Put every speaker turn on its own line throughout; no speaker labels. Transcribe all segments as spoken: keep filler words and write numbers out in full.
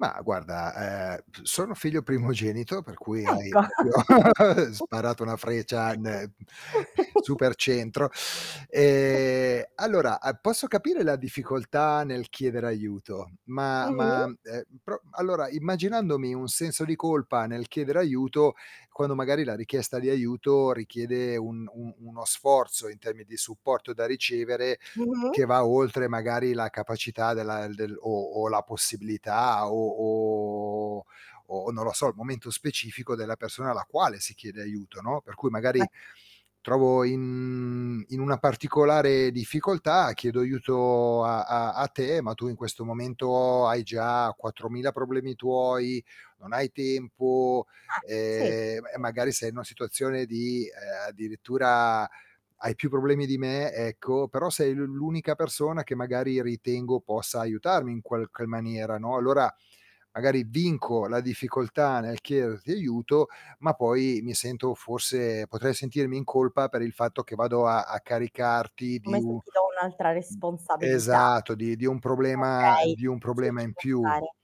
Ma guarda, ehm, p sono figlio primogenito per cui hai
Ecco.
proprio sparato una freccia ne super centro. Ehm, allora a posso capire la difficoltà nel chiedere aiuto, ma
Mh-mh.
ma, ehm, pro allora immaginandomi un senso di colpa nel chiedere aiuto, quando magari la richiesta di aiuto richiede un un uno sforzo in termi di supporto da ricevere,
Mh-mh.
che va oltre magari la capacità della del o o la possibilità o o o non lo so, il momento specifico della persona alla quale si chiede aiuto, no, per cui
Vai
magari trovo in in una particolare difficoltà, chiedo aiuto a a a te, ma tu in questo momento hai già quattromila problemi tuoi, non hai tempo,
Eh, sì,
ehm, m e
sì.
magari sei in una situazione di, ehm, addirittura hai più problemi di me, ecco, però sei l'u l'unica persona che magari ritengo possa aiutarmi in qualche maniera, no, allora magari vinco la difficoltà nel chiederti aiuto, ma poi mi sento forse potrei sentirmi in colpa per il fatto che vado a a caricarti di
Come se
u
ti do un'altra responsabilità.
esatto, di di un problema
Okay,
di un
sì,
problema
ci
in
può
più.
stare.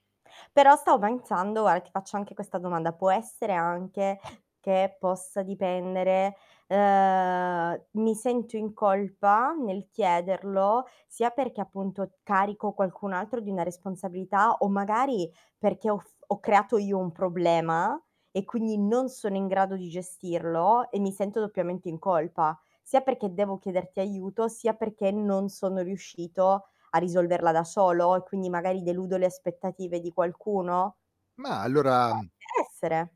Però stao pensando al ti faccio anche questa domanda, può essere anche che possa dipendere, ehm, mi sento in colpa nel chiederlo, sia perché appunto carico qualcun altro di una responsabilità, o magari perché ho f ho creato io un problema, e quindi non sono in grado di gestirlo e mi sento doppiamente in colpa, sia perché devo chiederti aiuto, sia perché non sono riuscito a risolverla da solo, e quindi magari deludo le aspettative di qualcuno?
Ma, allora,
Può
mhmm
anche essere.